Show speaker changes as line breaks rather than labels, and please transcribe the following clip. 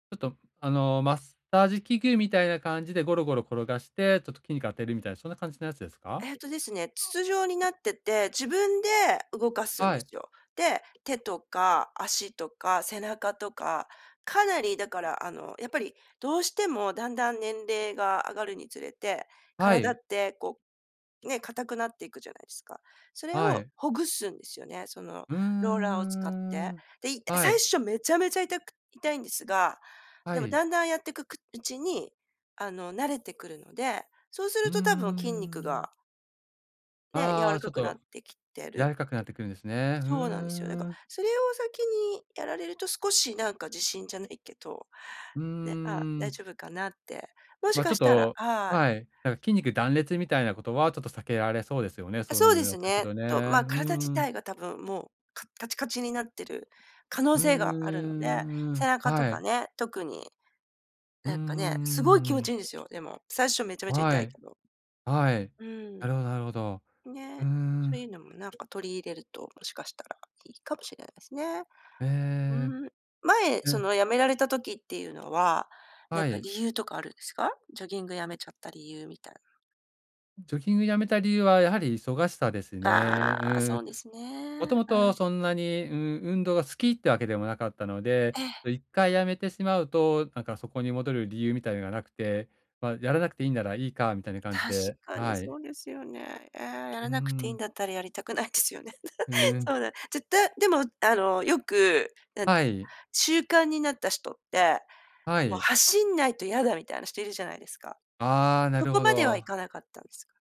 ちょっとあの、マッサージ器具みたいな感じでゴロゴロ転がして、ちょっと筋肉が当てるみたいなそんな感じのやつですか？
えっとですね、筒状になってて、自分で動かすん
は
で
い。
すよ。で、手とか足とか背中とか、かなりだからあの、やっぱり、どうしてもだんだん年齢が上がるにつれて、
は
体っ
い。
てこう、ね、固くなっていくじゃないですか。それ
は
を
い。
ほぐすんですよね、その、
うんうんう
ローラーを使っ
んうん
て。
うん、
で、いた
は
最
い。
初めちゃめちゃ痛く痛いんですが、
は
でも
い。
だんだんやってくうちに、あの、慣れてくるので、そうす
う
る
んうん
と多分
うんうん
筋肉
うん。
がね、柔
あ
ら
あ、ち
か
ょっ
くなっ
と
てきてる
柔
って
らかくなってくるんですね。うんう
そうなんですよ。だ
んう
か
んう
ら、
ん。
それを先にやられると、少しなんか自信じゃないけど、
うんう
ね、あ、
んう
大
ん。
丈夫かなって、もし
まあ、ち
か
ょっ
したら
と
はい。
はい、なんか筋肉断裂みたいなことはちょっと避けられそうですよね、
あ、
そう
そう
い
で
うや
す
っとく
ね。
とね。
と、ま、
う
体自
んう
体
ん。
が多分もう、かカチカチになってる可能
うん
性
うん
が
う
あるので、
んうんう
背
ん、
中と
は
か
い。
ね、特に、
うん
な
うん
んかね、すごい
うんう
気
んう
持ち
ん。
いんですよ、でも、最初めちゃめちゃ
は
痛い
い、
けど。
はい、
うん。
なるほどなるほど。う
ね、
ー
そういう
ん。
のもなんか取り入れると、もしかしたらいいかもしれないですね。
ええ、
うーん、前、
う
そ
ん。
の辞められた時っていうのは、なん
は
か
い。
理由とかあるんですか？ジョギングやめちゃった理由みたいな。
ジョギングやめた理由はやはり忙しさですね。う
ああ、そ
ん。
うです
も
ね。
とも
う
と
ん。
そんなに、うん、運動が好きってわけでもなかったので、
ええ。
1回辞めてしまうと、なんかそこに戻る理由みたいのがなくて、まあ、やらなくていんならいいかみたいな感じ
確
で、
かに
はい。
そうですよね。ええ、や
う
ら
ー
なくていん
ん。
だったらやりたくないですよね。
うんうん。
そうだ、絶対でもあの、よく、なんか、
はい。
習慣になった人って、
は
もう
い。
走んないと嫌だみたいな人いるじゃないですか。
ああ、な
そ
る
こ
ほ
まではい
ど。
かなかったんですか？